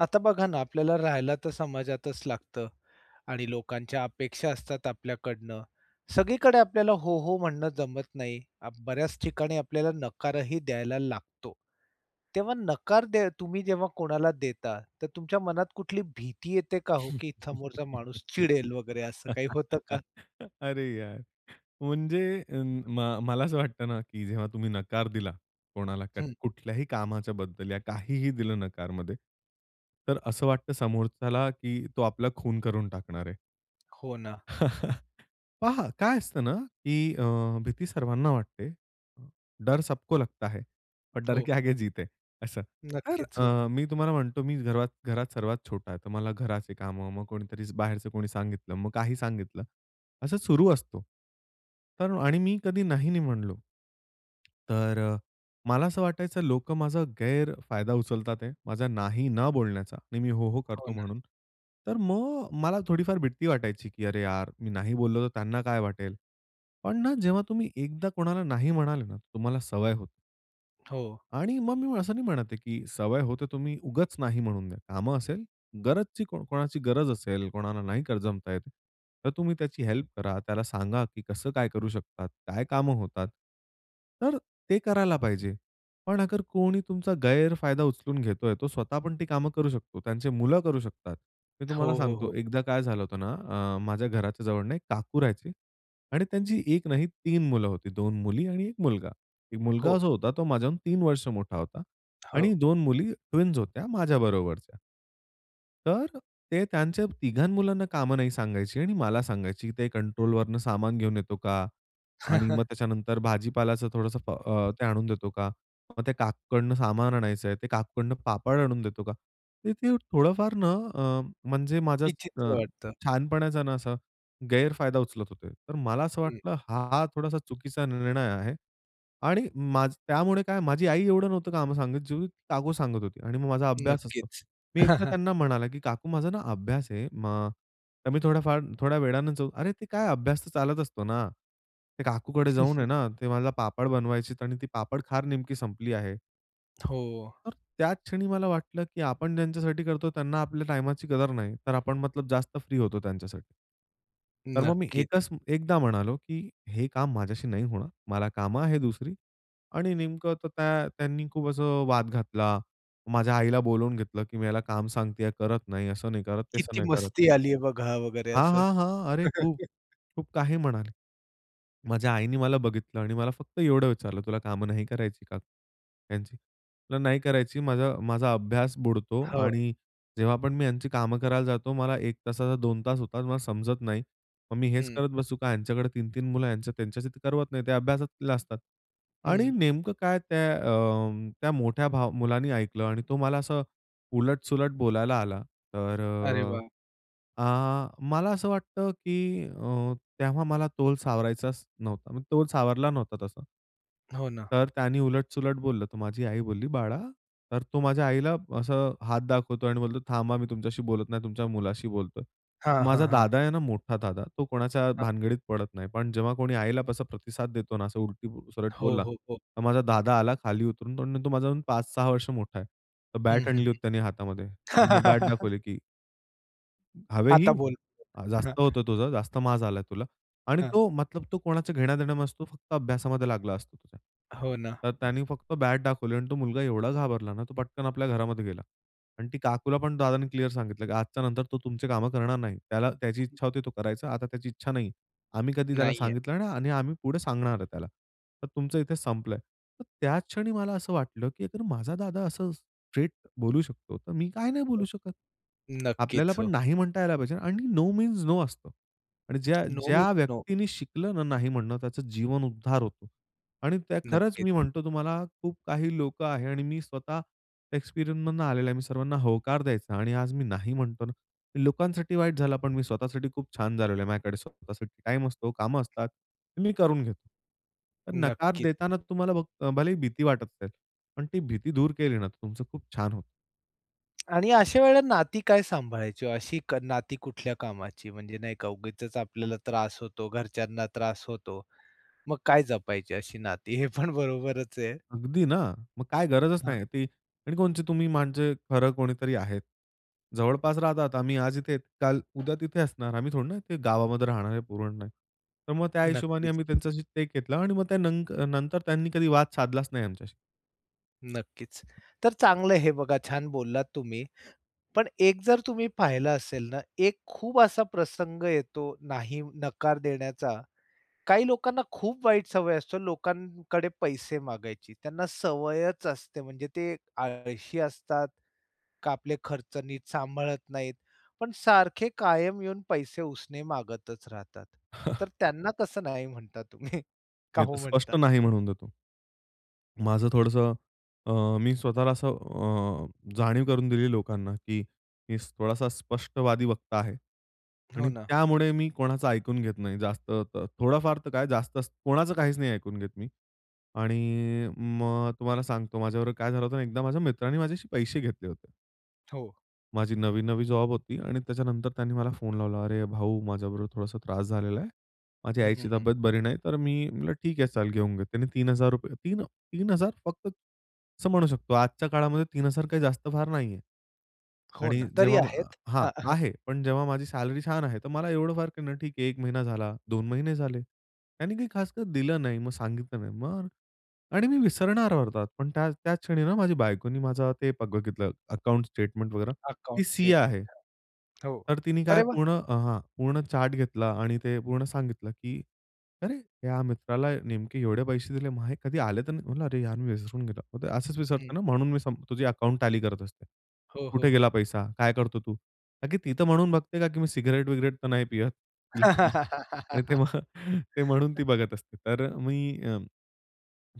आता बघा ना आपल्याला राहायला तर समाजातच लागतं आणि लोकांच्या अपेक्षा असतात आपल्याकडनं. सगळीकडे आपल्याला हो, हो म्हणणं जमत नाही. बऱ्याच ठिकाणी आपल्याला नकारही द्यायला लागतो. तेव्हा नकार दे तुम्ही जेव्हा कोणाला देता. तर तुमच्या मनात कुठली भीती येते का हो, की समोरचा माणूस चिडेल वगैरे असं काही होतं का? अरे यार! म्हणजे अं, म मला असं वाटतं ना, की जेव्हा तुम्ही नकार दिला कोणाला. क हं. कुठल्याही कामाच्याबद्दल, या काहीही दिलं नकारमध्ये. तर असं वाटतं समोरच्याला, की तो आपला खून करून टाकणार आहे. हो ना. पहा काय असतं ना, की अ, भीती सर्वांना वाटते, डर सबको लगता है और डर हो. के आगे जीत है असं. तर नक्कीच हो. अ, मी तुम्हाला म्हणतो, मी घरात घरात सर्वात छोटा आहे. तर मला घराचे कामं, मग कोणीतरी बाहेरचं कोणी सांगितलं. मग काही सांगितलं. असं सुरु असतो. तर आणि मी कधी नाही, नाही म्हणलो. तर मला असं वाटायचं लोकं माझा गैरफायदा उचलत आहेत, माझा नाही न बोलण्याचा आणि मी हो, हो हो करतो ना. म्हणून. तर मग मला थोडीफार भीती वाटायची, की "अरे यार! मी नाही बोललो तर त्यांना काय वाटेल?" पण ना जेव्हा तुम्ही एकदा कोणाला नाही म्हणाले ना, तर तुम्हाला सवय होते. हो. आणि मग मी असं नाही म्हणत आहे की सवय हो तर तुम्ही उगाच नाही म्हणून द्या. कामं असेल, गरजची कोणाची गरज असेल, कोणाला नाही कर जमतं आहेत, तर तुम्ही त्याची हेल्प करा, त्याला सांगा, की कसं काय करू शकतात, काय कामं होतात. तर अ, ते करायला पाहिजे. पण अगर कोणी तुमचा गैरफायदा उचलून घेतोय, तो स्वतः पण ती कामं करू शकतो, त्यांची मुलं करू शकतात. मी हो, तुम्हाला हो, हो. सांगतो, एकदा काय झालं होतं ना, आह माझ्या घराच्या जवळून एक काकू राहायचे. आणि त्यांची 1 नाही, 3 मुलं होती. 2 मुली आणि 1 मुलगा. एक मुलगा हो. जो होता तो माझ्याहून 3 वर्ष मोठा होता. हो. आणि 2 मुली ट्विन्स होत्या माझ्याबरोबरच्या. तर अ, ते त्यांच्या तिघां मुलांना कामं नाही सांगायची आणि मला सांगायची, की "ते कंट्रोल वरनं सामान घेऊन येतो का? आणि मग त्याच्यानंतर "भाजीपालाचं थोडंसं अ, ते आणून देतो का?" मग "ते काकूकडनं सामान आणायचं आहे, ते काकूकडनं पापड आणून देतो का?"" ते ते थोडंफार ना, अ, म्हणजे माझा अ, विचित्र वाटतं. छानपणाचा ना, असा गैरफायदा उचलत होते. तर मला असं हं. वाटलं, हा थोडासा चुकीचा निर्णय आहे. आणि माझं त्यामुळे काय माझी आई एवढं नव्हतं काम सांगत, जेवढी काकू सांगत होती. आणि मग माझा अभ्यास असतो. नक्कीच. मी एकदा त्यांना म्हणाला, की "काकू माझा ना, अभ्यास आहे, मा तर मी थोड्याफार थोड्या वेळान" "अरे! ते काय अभ्यास तर चालत असतो ना. ते काकूकडे जाऊन आहे ना, ते माझा पापड बनवायची आणि ती पापड खार नेमकी संपली आहे" हो. तर त्याच क्षणी मला वाटलं की आपण ज्यांच्यासाठी करतो, त्यांना आपल्या टाईमाची कदर नाही, तर आपण मतलब जास्त फ्री होतो त्यांच्यासाठी. तर मग मी नक्कीच. एकच एकदा म्हणालो, की "हे काम माझ्याशी नाही होणार, मला कामं आहेत दुसरी." आणि नेमकं तर काय त्यांनी खूप असं वाद घातला. माझ्या आईला बोलावून घेतले, की "मी ह्याला काम सांगतेय, करत नाही, असं नाही करत, तसं किती नाही करत." मस्ती आलीये बघा वगैरे, हां, असं. हां, हां. अरे खूप. खूप काही म्हणाली. माझ्या आईने मला बघितलं आणि मला फक्त एवढं विचारलं, "तुला कामं नाही करायची का ह्यांची?" म्हंटलं, "नाही करायची. माझा माझा अभ्यास बुडतो हो. आणि जेव्हा पण मी ह्यांची कामं करायला जातो, मला 1 तासाचा 2 तास होतात, मला समजत नाही, मग मी हेच हं. करत बसू का? यांच्याकडे 3-3 मुलं, त्यांच्याशी तर करवत नाही, ते अभ्यासात असतात." हं. आणि नेमकं काय, त्या अं, त्या मोठ्या भाव मुलाने ऐकलं आणि तो मला असं उलट-सुलट बोलायला आला. तर अरे अ, वाह! आह, मला असं वाटतं, की अ, तेव्हा मला तोल सावरायचाच नव्हता. मी तोल सावरला नव्हता तसा. हो ना. तर त्यांनी उलट-सुलट बोललं. तर माझी आई बोलली, "बाळा." तर तो माझ्या आईला असं हात दाखवतो आणि बोलतो, "थांबा, मी तुमच्याशी बोलत नाही, तुमच्या मुलाशी बोलतोय." हां, हां, माझा हां. दादा आहे ना, मोठा दादा, तो कोणाच्या हां. भानगडीत पडत नाही, पण जेव्हा कोणी आईला तसा प्रतिसाद देतो ना, असं उलट-सुलट हो, बोलला, हो, हो. तर माझा दादा आला खाली उतरून, तो न तो माझ्याहून 5-6 वर्ष मोठा आहे. तर हं, बॅट हं, आणली होती त्यांनी हातामध्ये, हं. मग बॅट दाखवली की हवे ही, आता बोल? अ, हां. जास्त होतं तुझं, जास्त माज आलाय तुला आणि हां. तो मतलब तो कोणाचं घेण्या-देण्या नसतो फक्त अभ्यासामध्ये लागला असतो तो त्याच्या. हो ना. तर त्याने फक्त बॅट दाखवली आणि तो मुलगा एवढा घाबरला ना तो पटकन आपल्या घरामध्ये गेला आणि ती काकूला पण दादांनी क्लिअर सांगितलं, की आजच्या नंतर तो तुमची कामं करणार नाही. त्याला त्याची इच्छा होती तो करायचा आता त्याची इच्छा नाही. आम्ही कधी त्याला नाही आहे. सांगितलं नाही आणि आम्ही पुढे सांगणार आहे त्याला. तर तुमचं इथे संपलंय. तर त्या क्षणी मला असं वाटलं, की अगर माझा दादा असं स्ट्रेट बोलू शकतो, तर मी काय नाही हो. बोलू शकत. नक्कीच आपल्याला पण हो. नाही म्हणता यायला पाहिजे आणि नो मीन्स नो असतं आणि ज्या नो ज्या मीन्स नो. व्यक्तींनी शिकलं ना नाही म्हणणं त्याचं जीवन उद्धार होतो आणि त्या खरंच मी नक्कीच. म्हणतो तुम्हाला खूप काही लोकं आहे आणि मी स्वतः एक्सपिरियन्सनं आलेलो आहे. मी सर्वांना होकार द्यायचा आणि आज मी नाही म्हणतो ना, मी लोकांसाठी वाईट झालं पण मी स्वतःसाठी खूप छान झालेलो आहे. माझ्याकडे स्वतःसाठी टाईम असतो, कामं असतात मी करून घेतो. तर नकार नक्कीच. देताना तुम्हाला भ भले ही भीती वाटत असेल, पण ती भीती दूर केली ना, तर तुमचं खूप छान होतं. आणि अशा वेळेला नाती काय सांभाळायची, अशी क नाती कुठल्या कामाची म्हणजे नाही का उगीचच आपल्याला त्रास होतो, घरच्यांना त्रास होतो. मग काय जपायची अशी नाती हे पण बरोबरच आहे. अगदी ना? मग काय गरजच हां. नाही ती आणि कोणची तुम्ही माझे खरं कोणीतरी आहेत. जवळपास राहतात आम्ही आज इथे, काल उद्या तिथे असणार. आम्ही थोडं ना ते गावामध्ये राहणारे पुरण नय तर मग त्या हिशोबाने नक्कीच. आम्ही त्यांच्याशी ते घेतलं आणि मग त्या नंक नंतर त्यांनी कधी वाद साधलाच नाही आमच्याशी. नक्कीच. तर चांगलं हे बघा छान बोललात तुम्ही, पण एक जर तुम्ही पाहिलं असेल ना, एक खूप असा प्रसंग येतो नाही नकार देण्याचा. काही लोकांना खूप वाईट सवय असते लोकांकडे पैसे मागायची. त्यांना सवयच असते. म्हणजे ते आळशी असतात, का आपले खर्च नीट सांभाळत नाहीत पण सारखे कायम येऊन पैसे उसने मागतच राहतात. तर त्यांना कसं नाही म्हणता तुम्ही? का मी तर हो म्हणता? स्पष्ट नाही म्हणून देतो. माझं थोडंसं अ, मी स्वतःला असं अ, जाणीव करून दिली लोकांना, की मी थोडासा स्पष्टवादी वक्ता आहे. हो आणि ना. त्यामुळे मी कोणाचं ऐकून घेत नाही जास्त. त थोडाफार तर काय जास्तच कोणाचं काहीच नाही ऐकून घेत मी. आणि मग तुम्हाला सांगतो, माझ्याबरोबर काय झालं होतं, एकदा माझ्या मित्राने माझ्याशी पैसे घेतले होते. हो. माझी नवी-नवी जॉब होती आणि त्याच्यानंतर त्यांनी मला फोन लावला, "अरे भाऊ! माझ्याबरोबर थोडासा त्रास झालेला आहे. माझी हं, हं, आईची हं. तब्येत बरी नाही." तर मी म्हटलं ठीक आहे चाल घेऊन घे. त्याने 3000 3 अ, 3000 फक्त, असं म्हणू शकतो. आजच्या काळामध्ये 3000 काही जास्त फार नाहीये. हो आणि ना. तरी जेव्हा. मा आहेत. हां, हां. आहे. पण जेव्हा माझी सॅलरी छान आहे तर मला एवढं फार क नाही ठीक आहे. 1 महिना झाला, 2 महिने झाले. त्यांनी काही खासकर दिलं नाही. मग सांगितलं नाही. मग आणि मी विसरणार होतो पण त्या त्याच क्षणी ना माझ्या बायकोने माझं ते ब बघितलं अकाउंट स्टेटमेंट वगैरे, ती अकाउंट सीए स्टेटमेंट आहे. हां. हो. तर तिने अरे काय वा! पूर्ण अ हां पूर्ण चार्ट घेतला आणि ते पूर्ण सांगितलं की, "अरे! या मित्राला नेमके एवढे पैसे दिले, मग हे कधी आले तर नाही." म्हटलं, "अरे यार मी विसरून गेलो. असंच हं. विसरतो ना म्हणून मी संप तुझी अकाउंट टॅली करत असते. हो, हो, कुठे हो. गेला पैसा? काय करतो तू?" ताकी ती तर म्हणून बघते का, की मी सिगारेट-बिगरेट तर नाही पियत. [unintelligible] आणि ते मग ते म्हणून ती बघत असते. तर मी अ,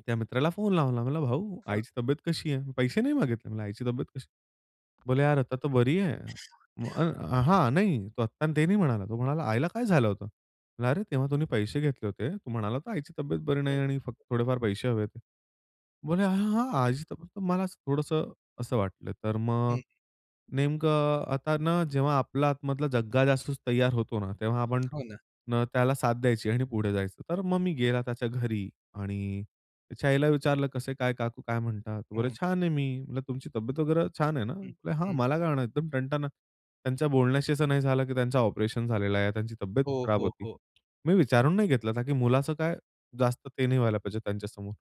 त्या मित्राला फोन लावला, म्हणाला, "भाऊ हां. आईची तब्येत कशी आहे? पैसे नाही मागितले. आईची तब्येत कशी आहे? बोले यार, "आता तर बरी आहे." मग हां, नाही तो आत्ता ते नाही म्हणाला. तो म्हणाला, "आईला काय झालं होतं?" अरे! तेव्हा तुम्ही पैसे घेतले होते. तू म्हणाला तर आईची तब्येत बरी हं. नाही आणि फक्त थोडेफार पैसे हवे आहेत. बोले, हां, हां, हां. आईची तब्येत," तर मला थोडंसं असं वाटलं, तर मग हं. नेमकं आता ना जेव्हा आपला आतमधला जग्गा जासूस तैयार होतो ना, तेव्हा आपण हो ना. त्याला साथ द्यायची आणि पुढे जायचं. तर मग मी गेला त्याच्या घरी आणि त्याच्या आईला विचारलं, कसं काय काकू काय म्हणतात? बोले हं. "छान आहे मी." म्हणलं तुमची तब्येत वगैरे छान आहे ना? हं, हा हं मला काय होणार आहे एकदम टणटण. त्यांच्या बोलण्याशी असं नाही झालं, की त्यांचं ऑपरेशन झालेलं आहे, त्यांची तब्येत हो, खराब हो, होती. हो. मी विचारून नाही घेतलं का, की मुलाचं काय जास्त ते नाही व्हायला पाहिजे त्यांच्यासमोर.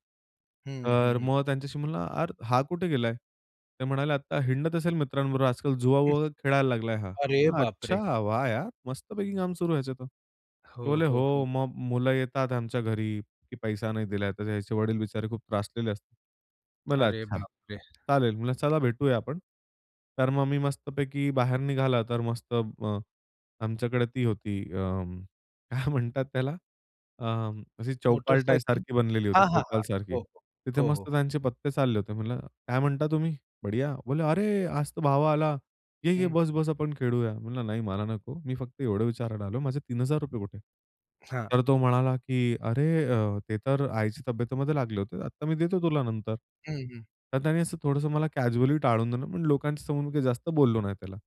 हं. हं, तर हं. मग त्यांच्याशी म्हणला, "अर हा कुठे गेलाय?" ते म्हणाले, "आता हिंडत असेल मित्रांबरोबर आजकाल हं. जुवाबुवा खेळायला लागलाय हा." अरे बापरे! अच्छा! वाह यार मस्त पैकी काम सुरू ह्याचा तर. ते हो, बोलले, हो, हो. "हो मग मुलं येतात आमच्या घरी, की पैसा नाही दिला." तर याचे वडील बिचारे खूप त्रासलेले असतात. मला अरे अच्छा बाप रे! चालेल म्हणलं चला भेटूया आपण. तर मग मी मस्तपैकी बाहेर निघाला तर मस्त अ, आमच्याकडे ती होती अं, काय म्हणतात त्याला अं, अशी चौपालटाय मोटरसायकल? सारखी बनलेली होती हां, हां, चौपाल हां. सारखी. हो, हो. तिथे हो, हो, मस्त हो. त्यांचे पत्ते चालले होते. म्हणलं, काय म्हणता तुम्ही बढिया? बोलले, "अरे आज तर भावा आला. ये-ये, हं. बस-बस आपण खेळूया." म्हणलं, नाही मला नको. मी फक्त एवढं विचारायला आलो. माझे 3000 कुठे? हां. तर तो म्हणाला, की "अरे अ, ते तर आईच्या तब्येतीमध्ये लागले होते. आता मी देतो तुला नंतर." हं. हं. तर त्यांनी असं थोडंसं मला कॅज्युअली टाळून दिलं पण लोकांच्या समोर मी काही जास्त बोललो नाही त्याला.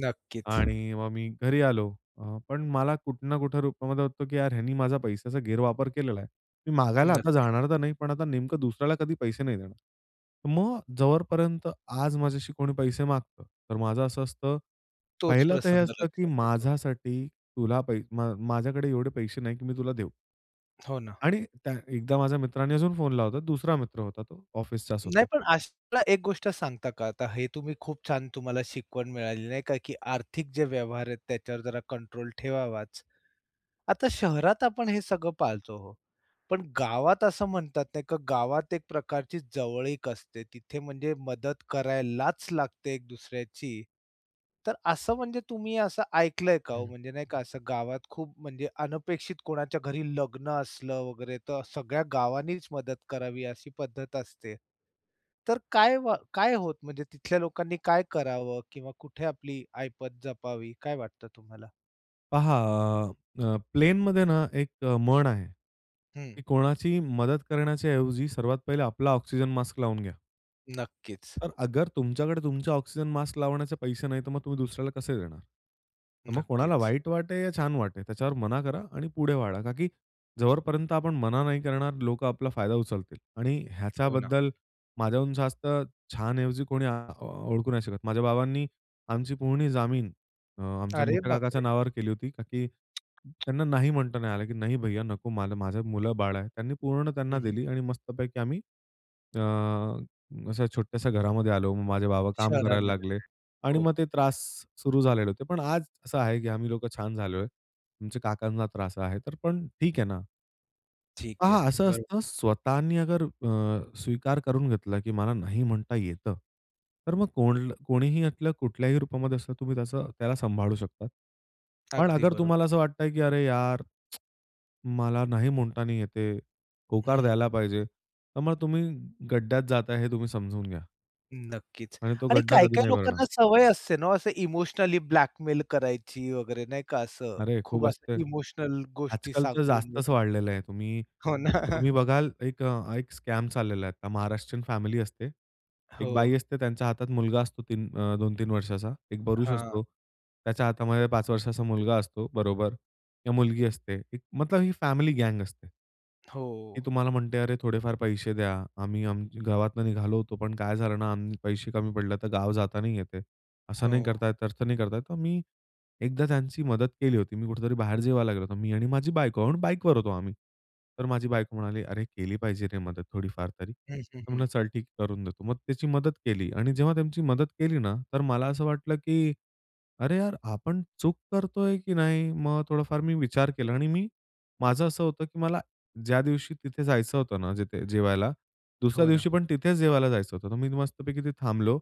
नक्कीच. आणि मग मी घरी आलो अ, पण मला कुठं ना कुठं रूपामध्ये होतो की यार ह्यानी माझा पैशाचा गैरवापर केलेला आहे. मी मागायला आता नक्कीच. जाणार तर नाही पण आता नेमकं दुसऱ्याला कधी पैसे नाही देणार. मग जोपर्यंत आज माझ्याशी कोणी पैसे मागतं, तर माझं असं असतं, तोच पहिलं तर हे प्रसंग असतं की लक्षात येतो. माझ्यासाठी तुला पै म माझ्याकडे एवढे पैसे नाही की मी तुला देऊ. हो ना. आणि त्या एकदा माझ्या मित्राने अजून फोन लावला होता. दुसरा मित्र होता तो ऑफिसचाच नाही, होता. पण अशाला एक गोष्ट सांगता का आता हे तुम्ही खूप छान तुम्हाला शिकवण मिळाली नाही का, की आर्थिक जे व्यवहार आहेत त्याच्यावर जरा कंट्रोल ठेवावाच. आता शहरात आपण हे सगळं पाळतो हो, पण गावात असं म्हणतात नाही का, गावात एक प्रकारची जवळीक असते, तिथे म्हणजे मदत करायलाच लागते एक दुसऱ्याची, तर असं म्हणजे तुम्ही असं ऐकलंय का हो? हं. म्हणजे नाही का असं गावात खूप म्हणजे अनपेक्षित कोणाच्या घरी लग्न असलं वगैरे, तर सगळ्या गावांनीच मदत करावी अशी पद्धत असते. तर काय वा काय होतं म्हणजे तिथल्या लोकांनी काय करावं? किंवा कुठे आपली आयपत जपावी, काय वाटतं तुम्हाला? पहा अ, अ, प्लेनमध्ये ना, एक अ, म्हण आहे. हं. की कोणाची मदत करण्याच्या ऐवजी सर्वात पहिले आपला ऑक्सिजन मास्क लावून घ्या. नक्कीच. तर अगर तुमच्याकडे तुमच्या ऑक्सिजन मास्क लावण्याचे पैसे नाही, तर मग तुम्ही दुसऱ्याला कसे देणार? तर मग कोणाला नक्कीच. वाईट वाटे या छान वाटे त्याच्यावर मना करा आणि पुढे वाढा. का की जोपर्यंत आपण मना नाही करणार लोकं आपला फायदा उचलतील आणि हो ना. ह्याच्याबद्दल माझ्याहून जास्त छान ऐवजी कोणी अ, ओळखू नाही शकत. माझ्या बाबांनी आमची पूर्ण जमीन अ, आमच्या अरे मोठ्या काकाच्या बापरे! नावावर केली होती कारण की त्यांना नाही, म्हणता नाही आलं, की "नाही भैय्या, नको माझं माझं मुलं-बाळ आहे." त्यांनी पूर्ण त्यांना हं, हं. दिली आणि मस्तपैकी आम्ही, अ, अशा छोट्याश्या घरामध्ये आलो. मग माझे बाबा काम करायला शहरामध्ये लागले आणि [unintelligible] हो. मग ते त्रास सुरु झालेले होते. पण आज असं आहे की आम्ही लोकं छान झालोय. आमच्या काकांना त्रास आहे, तर पण ठीक आहे ना. ठीक हां, आहे. हां, असं बरो असतं. स्वतःनी अगर अ, स्वीकार करून घेतला की मला नाही म्हणता येतं, तर मग कोण कोणीही यातलं कुठल्याही रूपामध्ये असतं तुम्ही त्याच त्याला सांभाळू शकता. पण अगदी अगर बरो तुम्हाला असं वाटतंय की "अरे यार! मला नाही म्हणता नाही येत आहे, होकार हं. द्यायला पाहिजे." तर मग तुम्ही गड्ड्यात जाताय हे तुम्ही समजून घ्या. नक्कीच. आणि तो आणि गड्डा कधी काही-काही नाही भरणार. लोकांना सवय असते ना, असं इमोशनली ब्लॅकमेल करायची वगैरे नाही का असं. अरे! खूप खूप असते, असं इमोशनल गोष्टी आजकाल तर सांगून जास्तच वगैरे. वाढलेलं आहे. तुम्ही हो ना. तुम्ही बघाल एक अ, एक स्कॅम चाललेला आहे. तर महाराष्ट्रीयन फॅमिली असते, एक हो. बाई असते त्यांच्या हातात मुलगा असतो 3 अ, 2-3 वर्षाचा. एक पुरुष हां. असतो, त्याच्या हातामध्ये 5 वर्षाचा मुलगा असतो, बरोबर. किंवा मुलगी असते मतलब ही फॅमिली गँग असते. हो. ती तुम्हाला म्हणते, "अरे, थोडेफार पैसे द्या, आम्ही आम गावातनं निघालो होतो, पण काय झालं ना, आम्ही पैसे कमी पडले, तर गाव जात नाही येत आहे, असं नाही हो. करता येत, तस नाही करता येत." तर मी एकदा त्यांची मदत केली होती, मी कुठेतरी बाहेर जेवायला लागलो होतो मी आणि माझी बायको आणि बाईकवर होतो आम्ही. तर माझी बायको म्हणाली, "अरे! केली पाहिजे रे मदत, थोडीफार तरी." हं, हं, तर हं. म्हटलं, "चल ठीक, करून देतो." मग त्याची मदत केली आणि जेव्हा त्यांची मदत केली ना, तर मला असं वाटलं की "अरे यार! आपण चूक करतोय की नाही?" मग थोडंफार मी विचार केला आणि मी माझं असं होतं की मला ज्या दिवशी तिथे जायचं होतं ना, जिथे जेवायला, दुसऱ्या हो ना. दिवशी पण तिथेच जेवायला जायचं होतं, तर मी मस्तपैकी तिथे थांबलो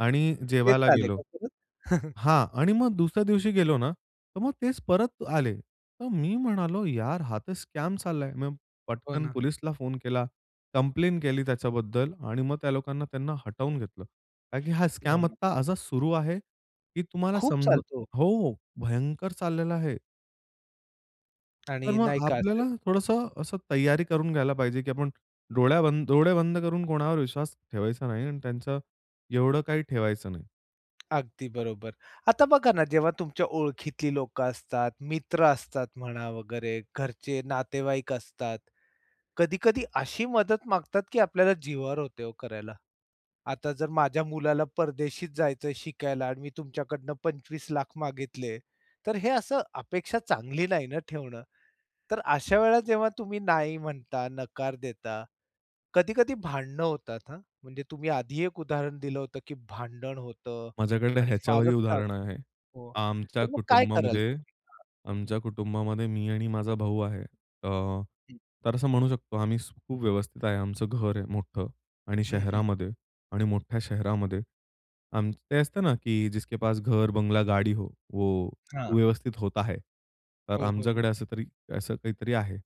आणि तेच जेवायला आले गेलो का परत? हां आणि मग दुसऱ्या दिवशी गेलो ना, तर मग तेच परत आले. तर मी म्हणालो, "यार, हा तर स्कॅम चाललाय." मग हो पटकन ना. पोलीसला फोन केला, कंप्लेन केली त्याच्याबद्दल आणि मग त्या लोकांना त्यांना हटवून घेतलं. का की हा हो स्कॅम ना. आत्ता आज सुरु आहे, की तुम्हाला खूप समजून चालतो. हो, भयंकर चाललेला आहे. तर आणि नाही मग का असं आपल्याला थोडंसं असं तैयारी करून घ्यायला पाहिजे की आपण डोळ्या बंद डोळे बंद करून कोणावर विश्वास ठेवायचा नाही आणि त्यांचं एवढं काही ठेवायचं नाही. अगदी बरोबर. आता बघा ना जेव्हा तुमच्या ओळखीतली लोकं असतात, मित्र असतात म्हणा वगैरे घरचे, नातेवाईक असतात, कधी-कधी अशी मदत मागतात की आपल्याला जिवावर होते हो करायला. आता जर माझ्या मुलाला परदेशी जायचं शिकायला आणि मी तुमच्याकडनं 25,00,000 मागितले, तर हे असं अपेक्षा चांगली नाही ना ठेवणं. तर अशा वेळेला जेव्हा तुम्ही नाही म्हणता, नकार देता, कधी-कधी भांडणं होतात हां, म्हणजे तुम्ही आधी एक उदाहरण दिलं होतं की भांडण होतं माझ्याकडे आणि ह्याच्यावरही फारच फार उदाहरण आहे. हो. आमच्या तर मग काय कराल कुटुंबामध्ये तुम्ही? हां. आमच्या कुटुंबामध्ये मी आणि माझा भाऊ आहे. त हं. तर असं म्हणू शकतो आम्ही स खूप व्यवस्थित आहे. आमचं घर आहे मोठं आणि हं, हं. शहरामध्ये आणि मोठ्या शहरामध्ये अन ते असतं ना की जिसके पास घर, बंगला, गाडी हो, वो हां. व्यवस्थित होता है तर हो, हो, हो. आमच्याकडे असं तरी असं काहीतरी आहे.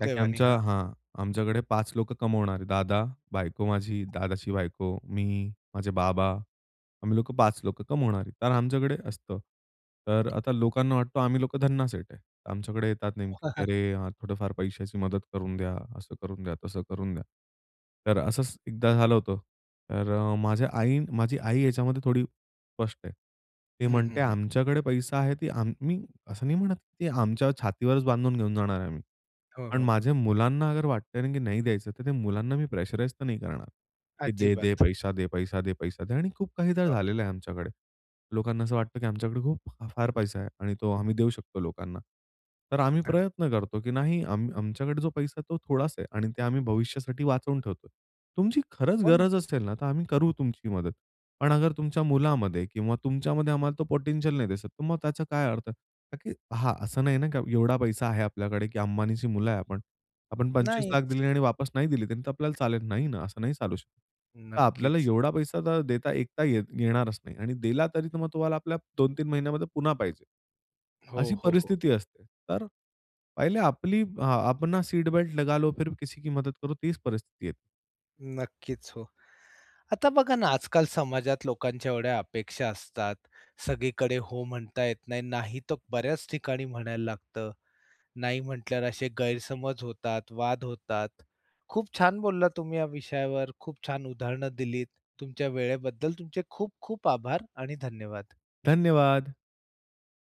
काकी आमच्या हां. हां, आमच्याकडे 5 लोकं कमावणारे. दादा, बायको माझी, दादाची बायको, मी, माझे बाबा. आम्ही लोकं 5 लोकं कमावणारी कारण आमच्याकडे असतं. तर आता लोकांना वाटतं आम्ही लोकं धन्ना सेठ आहे. आमच्याकडे येतात नेमके की "अरे यार! थोडंफार पैशाची मदत करून द्या, असं करून द्या, तसं करून द्या." तर असंच एकदा झालं होतं, तर अ, माझ्या आई माझी आई याच्यामध्ये थोडी स्पष्ट आहे. ती हं, हं, म्हणते हं. आमच्याकडे पैसा आहे ती आम्ही असं नाही म्हणत ती आमच्या छातीवरच बांधून घेऊन जाणार आहे आम्ही, हो, पण हो. माझ्या मुलांना अगर वाटतंय ना की नाही द्यायचं, तर त्या मुलांना मी प्रेशराइज तर नाही करणार की दे, दे. अजिबात. पैसा दे, पैसा दे, पैसा दे. आणि खूप काहीदा हो. झालेलं आहे आमच्याकडे. लोकांना असं वाटतं की आमच्याकडे खूप, फार पैसा आहे आणि तो आम्ही देऊ शकतो लोकांना. तर आम्ही अग प्रयत्न करतो की नाही आम आमच्याकडे जो पैसा आहे तो थोडाच आहे आणि ते आम्ही भविष्यासाठी वाचवून ठेवतोय. तुमची खरंच हो ना. गरज असेल ना तर आम्ही करू तुमची मदत, पण अगर तुमच्या मुलामध्ये किंवा तुमच्यामध्ये आम्हाला तो पोटेंशियल नाही दिसत, तर मग त्याचा काय अर्थ आहे? ताकी हां. असं नाही ना की एवढा पैसा आहे आपल्याकडे की अंबानीची मुलं आहे आपण. आपण 25,00,000 नाहीच. दिले आणि वापस नाही दिली त्यांनी तर आपल्याला चालेल? नाही ना, असं नाही चालू शकत. तर आपल्याला नक्कीच. एवढा पैसा तर देता येता येत येणारच नाही आणि दिला तरी तर मग तुम्हाला आपल्या 2-3 महिन्यामध्ये पुन्हा पाहिजे. हो, अशी हो, हो. परिस्थिती असते. तर पहिले आपली अ, अपना सीट बेल्ट लगालो, फिर किसी की मदत करो. तीच परिस्थिती येते. नक्कीच हो. आता बघा ना आजकाल समाजात लोकांच्या एवढ्या अपेक्षा असतात. सगळीकडे हो म्हणता येत नाही. नाही तर बऱ्याच ठिकाणी म्हणायला लागतं. नाही म्हटल्यावर असे गैरसमज होतात, वाद होतात. खूप छान बोललात तुम्ही या विषयावर. खूप छान उदाहरणं दिलीत. तुमच्या वेळेबद्दल तुमचे खूप खूप आभार आणि धन्यवाद. धन्यवाद!